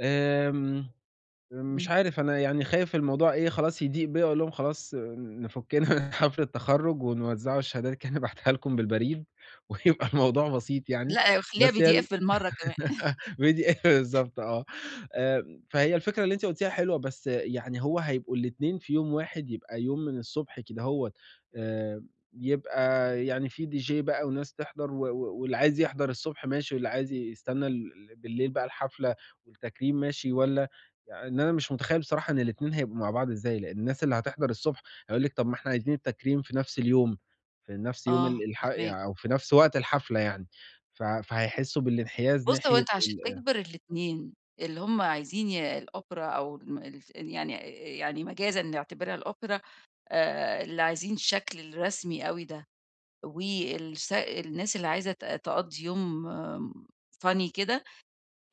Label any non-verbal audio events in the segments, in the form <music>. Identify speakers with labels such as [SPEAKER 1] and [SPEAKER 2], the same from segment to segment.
[SPEAKER 1] آمم، آمم، مش
[SPEAKER 2] إمم.
[SPEAKER 1] عارف أنا يعني خايف الموضوع إيه، خلاص يضِيق بيَّ اقول لهم خلاص نفُكِّنا <chuckles> من حفل التخرُّج ونوزع الشهادات كده <chuckles> نبعتها لكم بالبريد وهيبقى الموضوع بسيط يعني،
[SPEAKER 2] لأ، خلّيها
[SPEAKER 1] بس هي ال
[SPEAKER 2] pdf بالمرَّة كمان. <laughs>
[SPEAKER 1] <giggles> pdf بالضبط آه، آمم، فهي الفكرة اللي أنتِ قُلتيها حلوة بس يعني هو هيبقوا الإتنين في يوم واحد، يبقى يوم من الصبح كدهوّت آمم، يبقى يعني في dj بقى وناس تحضَر و و واللي عايز يحضَر الصبح ماشي، واللي عايز يستنّى ل بالليل بقى الحفلة والتكريم ماشي والّا يعن إن أنا مش متخيّل بصراحة إن الإتنين هيبقوا مع بعض إزاي، لإن الناس اللي هتحضَر الصبح هيقول لِك طَب ما إحنا عايزين التكريم في نفس اليوم، في نفس يوم
[SPEAKER 2] آه
[SPEAKER 1] ال الح
[SPEAKER 2] فاهماك.
[SPEAKER 1] يع أو في نفس وقت الحفلة يعني، ف فهيحسّوا بالإنحياز
[SPEAKER 2] بُص، هو
[SPEAKER 1] ناحية
[SPEAKER 2] أنت عشان
[SPEAKER 1] ال أ
[SPEAKER 2] تجبِر الإتنين، اللي هُم عايزين ي الأوبرا أو الم الف يعني آآ، آآ، يعني مجازًا نعتبرها الأوبرا آآ، اللي عايزين الشكل الرسمي أوي ده والس الناس اللي عايزة ت تقضّي يوم، آمم funny كده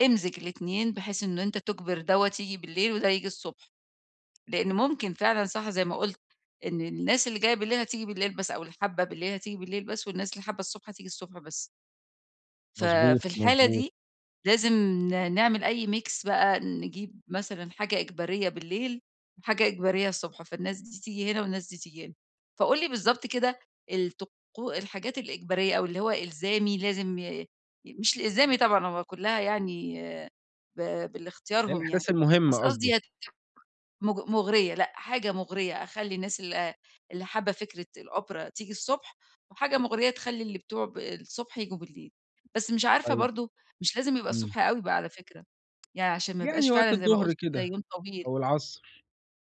[SPEAKER 2] إمزِج الإتنين، بحيث إن أنت تجبِر دَوّة ييجي بالليل وده ييجي الصبح، لإن ممكن فعلًا صح زي ما قُلت إن الناس اللي جاية بالليل هتيجي بالليل بس أو اللي حابّة بالليل هتيجي بالليل بس والناس اللي حابّة الصبح هتيجي الصبح بس. ف
[SPEAKER 1] مضبوط،
[SPEAKER 2] في الحالة
[SPEAKER 1] مضبوط.
[SPEAKER 2] دي لازم ن نعمل أي mix بقى، نجيب مثلًا حاجة إجبارية بالليل وحاجة إجبارية الصبح، فالناس دي تيجي هنا والناس دي تيجي هنا، فقُل لي بالضبط كده الطقو الحاجات الإجبارية أو اللي هو إلزامي لازم ي ي مش الإلزامي طبعًا هو كلّها يعني ب
[SPEAKER 1] يعني
[SPEAKER 2] بالإختيارهم يعني،
[SPEAKER 1] الأحداث المهمة
[SPEAKER 2] بس قصدي
[SPEAKER 1] قصدي.
[SPEAKER 2] هي <unintelligible> مُغ مُغرية، لأ حاجة مُغرية أخلّي الناس ال اللي حابة فكرة الأوبرا تيجي الصبح وحاجة مُغرية تخلّي اللي بتوع ب الصبح ييجوا بالليل، بس مش عارفة
[SPEAKER 1] طيب.
[SPEAKER 2] برضه مش لازم يبقى
[SPEAKER 1] إمم.
[SPEAKER 2] الصبح أوي بقى على فكرة، <tsk> يعني عشان ما يبقاش
[SPEAKER 1] يعني
[SPEAKER 2] فعلًا
[SPEAKER 1] وقت
[SPEAKER 2] زي ما
[SPEAKER 1] الضُّهر
[SPEAKER 2] قُلت ده
[SPEAKER 1] كده
[SPEAKER 2] يوم طويل.
[SPEAKER 1] أو العصر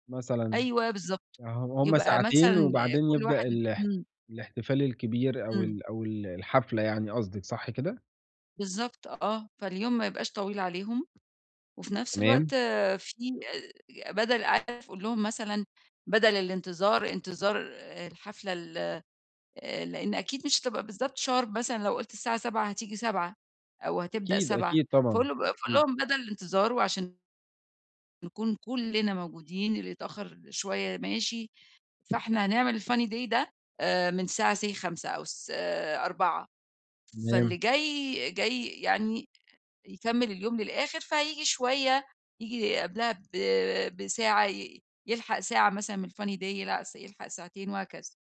[SPEAKER 1] مثلًا،
[SPEAKER 2] أيوه بالضبط،
[SPEAKER 1] أها وهُم
[SPEAKER 2] يبقى
[SPEAKER 1] ساعتين
[SPEAKER 2] مثلًا
[SPEAKER 1] وبعدين
[SPEAKER 2] كلّ
[SPEAKER 1] يبدأ
[SPEAKER 2] واحد
[SPEAKER 1] الح
[SPEAKER 2] إمم.
[SPEAKER 1] الإحتفال الكبير أو
[SPEAKER 2] إمم.
[SPEAKER 1] ال أو ال الحفلة يعني قصدِك، صح كده؟
[SPEAKER 2] بالضبط آه، فاليوم ما يبقاش طويل عليهم وفي نفس الوقت
[SPEAKER 1] تمام.
[SPEAKER 2] في آآ، ج بدَل <unintelligible> قل لهم مثلًا بدَل الإنتظار، إنتظار آآ الحفلة ال آآ لإن أكيد مش هتبقى بالضبط sharp مثلًا لو قُلت الساعة 19:00 هتيجي 19:00 أو هتبدأ
[SPEAKER 1] أكيد،
[SPEAKER 2] 19:00،
[SPEAKER 1] أكيد، طبعًا،
[SPEAKER 2] فقُل بأ فقُل
[SPEAKER 1] أكيد.
[SPEAKER 2] لهم بدل الإنتظار وعشان نكون كلّنا موجودين، اللي يتأخّر شوية ماشي، فإحنا هنعمل الfunny day ده، آآ من الساعة say 17:00 أو الس 16:00 فاللي
[SPEAKER 1] تمام.
[SPEAKER 2] جاي، جاي يعني أ يكمّل اليوم للآخِر فهييجي شوية، ييجي قبْلها ب بساعة ي يلحق ساعة مثلًا من الfunny day يلعس يلحق ساعتين وهكذا.